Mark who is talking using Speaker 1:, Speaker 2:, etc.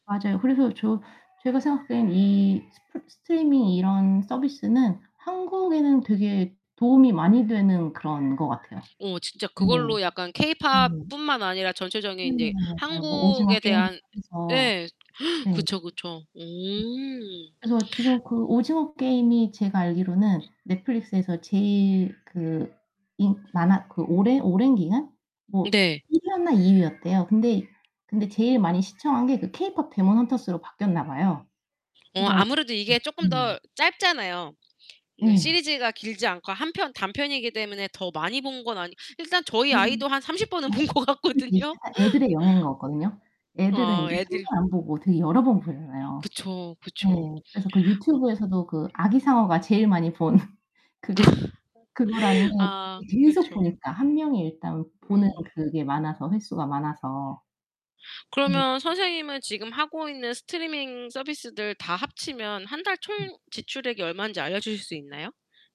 Speaker 1: 맞아요 그래서 저 제가 생각하기에는 이 스프 스트리밍 이런 서비스는 한국에는 되게 도움이 많이 되는 그런 것 같아요.
Speaker 2: 어 진짜
Speaker 1: 네.
Speaker 2: 그걸로 약간 케이팝
Speaker 1: 네.
Speaker 2: 뿐만 아니라
Speaker 1: 네.
Speaker 2: 전체적인 이제
Speaker 1: 맞아요. 뭐 오징어
Speaker 2: 한국에
Speaker 1: 게임부터
Speaker 2: 대한
Speaker 1: 해서.
Speaker 2: 예.
Speaker 1: 네.
Speaker 2: 그쵸, 그쵸. 오.
Speaker 1: 그래서 지금 그 오징어 게임이 제가 알기로는 넷플릭스에서 제일 그 인 많아 그 오랜 오랜 기간? 뭐
Speaker 2: 네.
Speaker 1: 1위였나 2위였대요. 근데 근데 제일 많이 시청한 게 그 케이팝 데몬 헌터스로 바뀌었나 봐요.
Speaker 2: 어
Speaker 1: 그래서
Speaker 2: 아무래도
Speaker 1: 음.
Speaker 2: 이게 쪼끔
Speaker 1: 음.
Speaker 2: 더 짧잖아요. 그
Speaker 1: 예.
Speaker 2: 시리즈가 길지 않고 1 편 단편이기 때문에 더 많이 본 건 아니 일단 저희
Speaker 1: 그
Speaker 2: 아이도 한 30 번은 본 것
Speaker 1: [unintelligible]
Speaker 2: 같거든요.
Speaker 1: 애들의 영향인 것 같거든요. 애들은
Speaker 2: 아
Speaker 1: 이제 1
Speaker 2: 애들
Speaker 1: 번 안 보고 되게 여러 번 보잖아요.
Speaker 2: 그쵸,
Speaker 1: 네.
Speaker 2: 그쵸.
Speaker 1: 그래서 그
Speaker 2: 어.
Speaker 1: 유튜브에서도 그 아기상어가 제일 많이 본 그거 그거라는 게
Speaker 2: 아
Speaker 1: 계속
Speaker 2: 그렇죠.
Speaker 1: 보니까 1 명이 일단 보는
Speaker 2: 음.
Speaker 1: 그게 많아서. 횟수가 많아서. 네.
Speaker 2: 그러면 선생님은 지금 하고 있는 스트리밍 서비스들 다 합치면 1 달
Speaker 1: 음.
Speaker 2: 총 지출액이 얼만지 알려 주실 수 있나요?